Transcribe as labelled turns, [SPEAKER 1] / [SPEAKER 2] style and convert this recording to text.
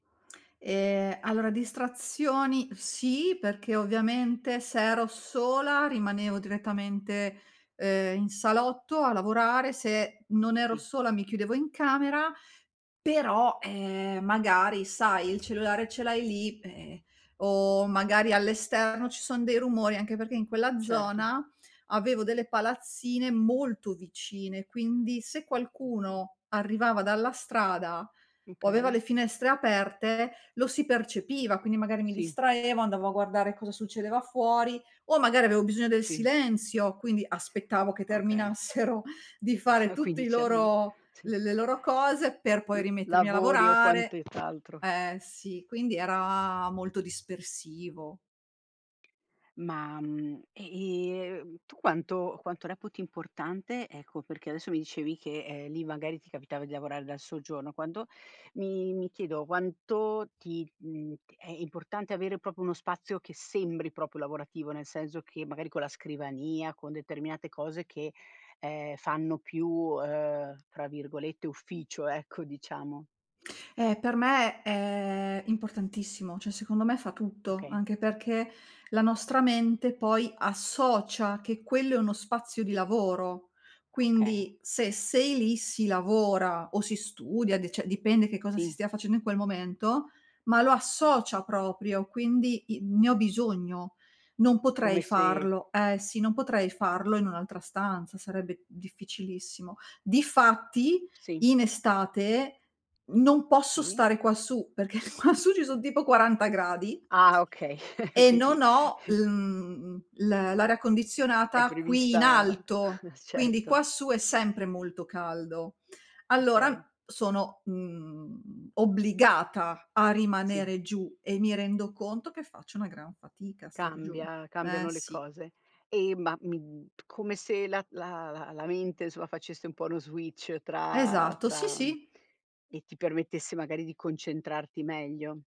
[SPEAKER 1] Ehm, allora distrazioni sì, perché ovviamente se ero sola rimanevo direttamente, ehm, in salotto a lavorare, se non ero
[SPEAKER 2] Sì.
[SPEAKER 1] sola mi chiudevo in camera, però, ehm, magari sai, il cellulare ce l'hai lì, ehm, o magari all'esterno ci sono dei rumori, anche perché in quella
[SPEAKER 2] Certo.
[SPEAKER 1] zona avevo delle palazzine molto vicine, quindi se
[SPEAKER 2] Uh.
[SPEAKER 1] qualcuno arrivava dalla strada o aveva
[SPEAKER 2] Okay.
[SPEAKER 1] le finestre aperte lo si percepiva, quindi magari mi
[SPEAKER 2] Sì.
[SPEAKER 1] distraevo, andavo a guardare cosa succedeva fuori o magari avevo bisogno del
[SPEAKER 2] Sì.
[SPEAKER 1] silenzio, quindi aspettavo che
[SPEAKER 2] Okay.
[SPEAKER 1] terminassero di fare tutti
[SPEAKER 2] Quindi
[SPEAKER 1] i
[SPEAKER 2] c'erano
[SPEAKER 1] loro l
[SPEAKER 2] sì.
[SPEAKER 1] le loro cose per
[SPEAKER 2] l
[SPEAKER 1] poi rimettermi a
[SPEAKER 2] lavori o quante
[SPEAKER 1] lavorare.
[SPEAKER 2] t'altro.
[SPEAKER 1] Ehm, sì, quindi era molto dispersivo.
[SPEAKER 2] Ma, mhmm, e, ehm, tu quanto quanto reputi importante, ecco perché adesso mi dicevi che, ehm, lì magari ti capitava di lavorare dal soggiorno, quando mi mi chiedo, quanto ti, mhmm, è importante avere proprio uno spazio che sembri proprio lavorativo, nel senso che magari con la scrivania, con determinate cose che, ehm, fanno più, uhm, tra virgolette "ufficio" ecco, diciamo.
[SPEAKER 1] Eh per me è importantissimo, cioè secondo me fa tutto,
[SPEAKER 2] Okay.
[SPEAKER 1] anche perché la nostra mente poi associa che quello è uno spazio di lavoro.
[SPEAKER 2] Okay.
[SPEAKER 1] Quindi se sei lì si lavora o si studia, de cioè dipende che cosa si
[SPEAKER 2] Sì.
[SPEAKER 1] stia facendo in quel momento, ma lo associa proprio. Quindi i ne ho bisogno, non potrei
[SPEAKER 2] Come se
[SPEAKER 1] farlo. Eh sì, non potrei farlo in un'altra stanza, sarebbe difficilissimo. Difatti,
[SPEAKER 2] Sì.
[SPEAKER 1] in estate non posso
[SPEAKER 2] Sì.
[SPEAKER 1] stare quassù, perché quassù ci son tipo 40 gradi
[SPEAKER 2] Ah okay,
[SPEAKER 1] e
[SPEAKER 2] quindi
[SPEAKER 1] non ho l mhmm, l l'aria
[SPEAKER 2] È
[SPEAKER 1] condizionata qui in
[SPEAKER 2] prevista
[SPEAKER 1] alto, quindi
[SPEAKER 2] certo.
[SPEAKER 1] quassù è sempre molto caldo. Allora
[SPEAKER 2] Okay.
[SPEAKER 1] sono, mhmm, obbligata a
[SPEAKER 2] Sì.
[SPEAKER 1] rimanere giù e mi rendo conto che faccio una gran fatica a star giù,
[SPEAKER 2] Cambia,
[SPEAKER 1] eh
[SPEAKER 2] cambiano le
[SPEAKER 1] sì.
[SPEAKER 2] cose. E ma mi come se la la la mente insomma facesse un po' uno switch tra
[SPEAKER 1] Esatto, sì,
[SPEAKER 2] tra mhmm,
[SPEAKER 1] sì.
[SPEAKER 2] e ti permettesse magari di concentrarti meglio.